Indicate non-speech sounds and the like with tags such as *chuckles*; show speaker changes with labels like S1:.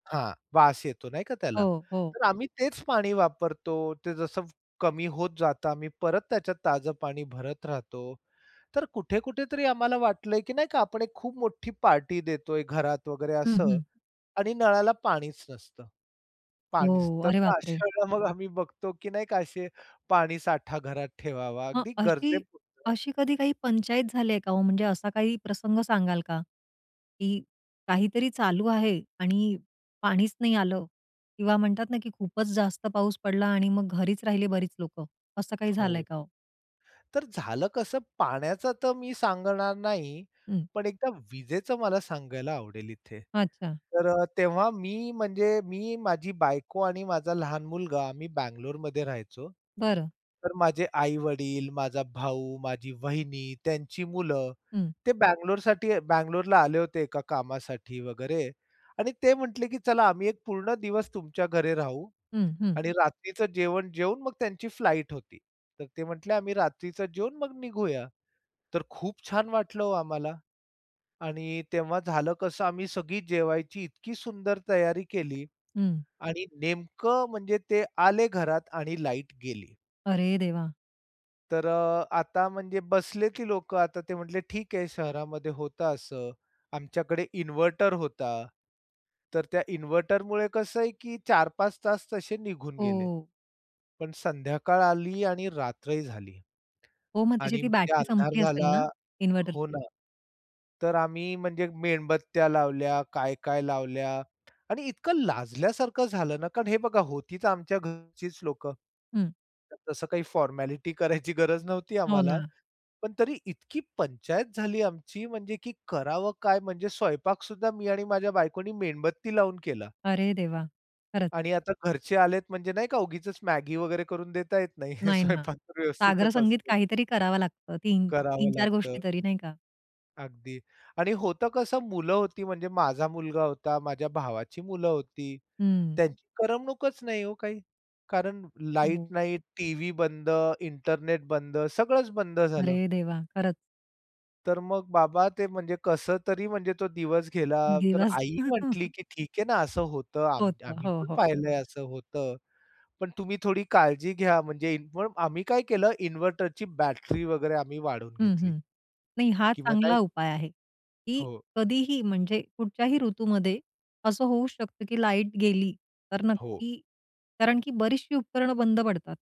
S1: हां. वास येतो नाही का त्याला?
S2: हो, हो.
S1: तर आम्ही तेच पाणी वापरतो, ते जसं कमी होत जातं आम्ही परत त्याच्यात ताजं पाणी भरत राहतो. तर कुठे-कुठे तरी आम्हाला वाटलंय, की नाही का? आपण एक खूप मोठी पार्टी देतोय घरात वगैरे
S2: हं,
S1: असं
S2: हं.
S1: आणि नळाला पाणीच नसतं. पाणीच
S2: हो.
S1: तर
S2: अरे
S1: मग
S2: बापरे!
S1: अशा वेळेला मग आम्ही बघतो, की नाही का? असे, पाणी साठा घरात ठेवावा
S2: मग
S1: अगदी गरजे
S2: अशी,
S1: पुरतं.
S2: अशी कधी काही पंचायत झालीये का ओ? म्हणजे असा काही प्रसंग सांगाल का? की काहीतरी चालू आहे आणि पाणीच नाही आलं किंवा म्हणतात ना, की खूपच जास्त पाऊस पडला आणि मग घरीच राहिले बरीच लोकं. असं काही झालंय
S1: हो.
S2: का ओ?
S1: तर झालं कसं पाण्याचा तर मी सांगणार नाही.
S2: हं.
S1: पण एकदा विजेचं मला सांगायला आवडेल इथे.
S2: अच्छा.
S1: तर अ, तेव्हा मी म्हणजे मी, माझी बायको आणि माझा लहान मुलगा आम्ही बेंगलोरमध्ये राहायचो.
S2: बरं.
S1: तर माझे आई-वडील, माझा भाऊ, माझी वाहिनी, त्यांची मुलं
S2: हं.
S1: ते बंगलोरसाठी बेंगलोरला आले होते एका कामासाठी वगैरे. आणि ते म्हटले, की "चला आम्ही 1 पूर्ण दिवस तुमच्या घरी राहू."
S2: हं, हं.
S1: आणि रात्रीच जेवण जेवून मग त्यांची फ्लाइट होती. तर ते म्हटले, "आम्ही रात्रीच जेवून मग निघूया." तर खूप छान वाटलं हो आम्हाला. आणि तेव्हा झालं कसं आम्ही सगळी जेवायची इतकी सुंदर तयारी केली
S2: हं.
S1: आणि नेमकं म्हणजे ते आले घरात आणि लाईट गेली.
S2: अरे देवा!
S1: तर अ, आता म्हणजे बसले, की लोक आता ते म्हटले, "ठीक आहे, शहरामध्ये होत असं, आमच्याकडे इन्व्हर्टर होता." तर त्या इन्व्हर्टरमुळे कसं आहे, की 4-5 तास तसे निघून गेले.
S2: हो.
S1: पण संध्याकाळ आली आणि रात्रही झाली.
S2: हो. मग त्याची
S1: आणि
S2: ती
S1: मग ते
S2: बॅटरी
S1: अंधार
S2: संपली असेल
S1: झाला,
S2: ना? इन्व्हर्टर
S1: हो ना. तर आम्ही म्हणजे मेणबत्त्या लावल्या, काय-काय लावल्या आणि इतकं लाजल्यासारखं झालं ना कारण हे बघा होतीच आमच्या घरचीच लोकं.
S2: हं.
S1: तसं काही फॉरमॅलिटी करायची गरज नव्हती
S2: हो
S1: आम्हाला.
S2: ना.
S1: पण तरी इतकी पंचायत झाली आमची म्हणजे, की करावं काय? म्हणजे स्वयंपाक सुद्धा मी आणि माझ्या बायकोनी मेणबत्ती लावून केला.
S2: अरे देवा! खरंच.
S1: आणि आता घरचे आलेत म्हणजे नाही का? उगीचच मॅगी वगैरे करून देता येत नाही. हे
S2: नाही ना.
S1: स्वयंपाक तर
S2: सागर
S1: व्यवस्थितच
S2: संगीत
S1: असतो.
S2: काहीतरी करावं लागतं. 3, तीन
S1: करावं
S2: चार
S1: लागतं.
S2: गोष्टी तरी नाही का?
S1: अगदी आणि होतं कसं मुलं होती, म्हणजे माझा मुलगा होता, माझ्या भावाची मुलं होती.
S2: हं.
S1: त्यांची करमणूकच नाही ओ काही. कारण लाईट
S2: *unintelligible*
S1: नाही, टीव्ही बंद, इंटरनेट बंद, सगळंच बंद झालं.
S2: अरे देवा! खरंच.
S1: तर मग बाबा ते म्हणजे कसं तरी म्हणजे तो दिवस गेला. तर
S2: दिवस.
S1: आई म्हटली,
S2: *chuckles*
S1: की "ठीक आहे ना असं होतं आम्ही
S2: होतं.
S1: आम्ही
S2: हो,
S1: पण
S2: हो.
S1: पाहिलंय असं होतं. पण तुम्ही थोडी काळजी घ्या म्हणजे इनव्ह आम्ही काय केलं इन्व्हर्टरची बॅटरी वगैरे आम्ही वाढवून
S2: हं,
S1: घेतली.
S2: हं. नाही, हा
S1: किंवा नाही
S2: चांगला उपाय आहे, की
S1: हो.
S2: कधीही म्हणजे कुठच्याही ऋतूमध्ये असं होऊ शकतं, की लाईट गेली, तर
S1: हो.
S2: नक्की कारण की बरीचशी उपकरणं बंद पडतात.